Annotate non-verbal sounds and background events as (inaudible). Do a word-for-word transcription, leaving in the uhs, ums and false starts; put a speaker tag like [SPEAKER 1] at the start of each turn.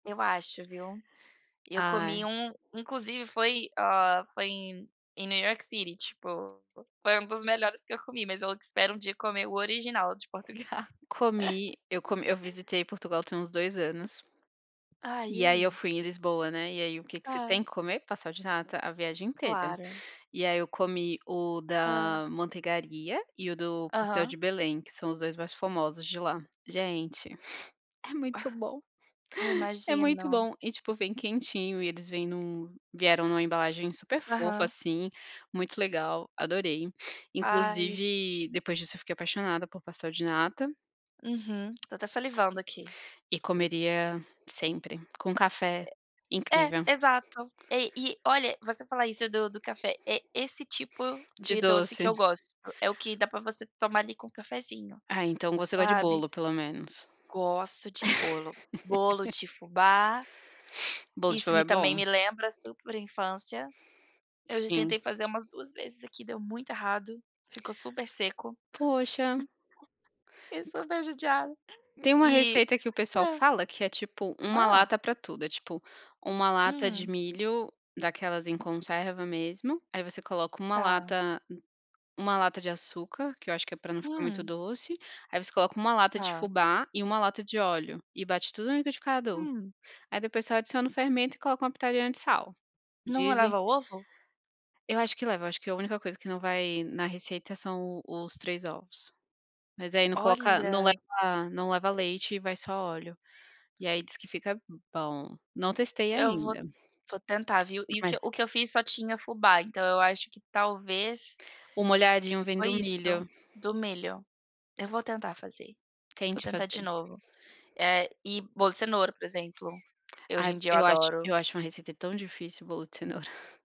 [SPEAKER 1] Eu acho, viu, eu comi
[SPEAKER 2] Ai.
[SPEAKER 1] um inclusive foi, hã, foi em em New York City, tipo, foi um dos melhores que eu comi, mas eu espero um dia comer o original de Portugal.
[SPEAKER 2] Comi, eu comi eu
[SPEAKER 1] (chuckles)
[SPEAKER 2] visitei Portugal tem uns dois anos
[SPEAKER 1] Ai, e
[SPEAKER 2] e aí eu
[SPEAKER 1] aí?
[SPEAKER 2] fui em Lisboa, né, e aí o que que você
[SPEAKER 1] Hã.
[SPEAKER 2] tem que comer? Pastel de nata a viagem inteira
[SPEAKER 1] Claro.
[SPEAKER 2] e aí eu comi o
[SPEAKER 1] Hã.
[SPEAKER 2] da Manteigaria, e o do Pastel de
[SPEAKER 1] Aham.
[SPEAKER 2] Belém, que são os dois mais famosos de lá. Gente, (chuckles) é muito bom,
[SPEAKER 1] Eu
[SPEAKER 2] é muito
[SPEAKER 1] imagino.
[SPEAKER 2] bom e tipo, vem quentinho e eles vêm em um vieram numa embalagem super fofa,
[SPEAKER 1] Aham.
[SPEAKER 2] assim, muito legal, adorei.
[SPEAKER 1] Ai.
[SPEAKER 2] Inclusive, depois disso eu fiquei apaixonada por pastel de nata
[SPEAKER 1] Uhum, tô até salivando aqui.
[SPEAKER 2] e comeria sempre com café,
[SPEAKER 1] É, é
[SPEAKER 2] incrível.
[SPEAKER 1] exato. E e olha, você falar isso do do café, é esse tipo
[SPEAKER 2] De
[SPEAKER 1] de doce que
[SPEAKER 2] doce.
[SPEAKER 1] eu gosto, é o que dá pra você tomar ali com cafezinho,
[SPEAKER 2] Ah, então, você gosta de
[SPEAKER 1] sabe.
[SPEAKER 2] bolo, pelo menos.
[SPEAKER 1] Gosto de bolo. Bolo
[SPEAKER 2] (laughs)
[SPEAKER 1] de fubá
[SPEAKER 2] Bolo de
[SPEAKER 1] Isso
[SPEAKER 2] fuba
[SPEAKER 1] me
[SPEAKER 2] é
[SPEAKER 1] também
[SPEAKER 2] bom.
[SPEAKER 1] me lembra super infância. Eu já
[SPEAKER 2] Sim.
[SPEAKER 1] tentei fazer umas duas vezes aqui, deu muito errado, ficou super seco,
[SPEAKER 2] Poxa.
[SPEAKER 1] (chuckles) fiquei super judiada.
[SPEAKER 2] Tem uma
[SPEAKER 1] E
[SPEAKER 2] receita que o pessoal
[SPEAKER 1] hã.
[SPEAKER 2] fala que é tipo uma
[SPEAKER 1] Hã.
[SPEAKER 2] lata pra tudo, é tipo uma lata de
[SPEAKER 1] Hum.
[SPEAKER 2] milho daquelas em conserva mesmo, aí você coloca uma
[SPEAKER 1] Tá.
[SPEAKER 2] lata uma lata de açúcar, que eu acho que é pra não ficar muito
[SPEAKER 1] Hum.
[SPEAKER 2] doce, aí você coloca uma lata de
[SPEAKER 1] Tá.
[SPEAKER 2] fubá e uma lata de óleo e bate tudo no liquidificador,
[SPEAKER 1] Hum.
[SPEAKER 2] aí depois só adiciona o fermento e coloca uma pitadinha de sal,
[SPEAKER 1] Não
[SPEAKER 2] dizem
[SPEAKER 1] levava ovo?
[SPEAKER 2] Eu acho que leva, acho que a única coisa que não vai na receita são os três ovos, mas aí não coloca, não
[SPEAKER 1] Olha.
[SPEAKER 2] leva não leva leite e vai só óleo e aí diz que fica b bom, não testei
[SPEAKER 1] Eu vou
[SPEAKER 2] ainda.
[SPEAKER 1] vou tentar, viu, e o
[SPEAKER 2] Mas
[SPEAKER 1] que e o que eu fiz só tinha fubá, então eu acho que talvez
[SPEAKER 2] O molhadinho vem
[SPEAKER 1] foi
[SPEAKER 2] do
[SPEAKER 1] isso,
[SPEAKER 2] milho.
[SPEAKER 1] do milho. Eu vou tentar fazer. Vou
[SPEAKER 2] Tente
[SPEAKER 1] tentar de
[SPEAKER 2] fazer.
[SPEAKER 1] novo, eh, e bolo de cenoura, por exemplo, eu hoje
[SPEAKER 2] Ai,
[SPEAKER 1] em dia eu
[SPEAKER 2] eu acho
[SPEAKER 1] adoro.
[SPEAKER 2] eu acho uma receita tão difícil bolo de cenoura. (chuckles)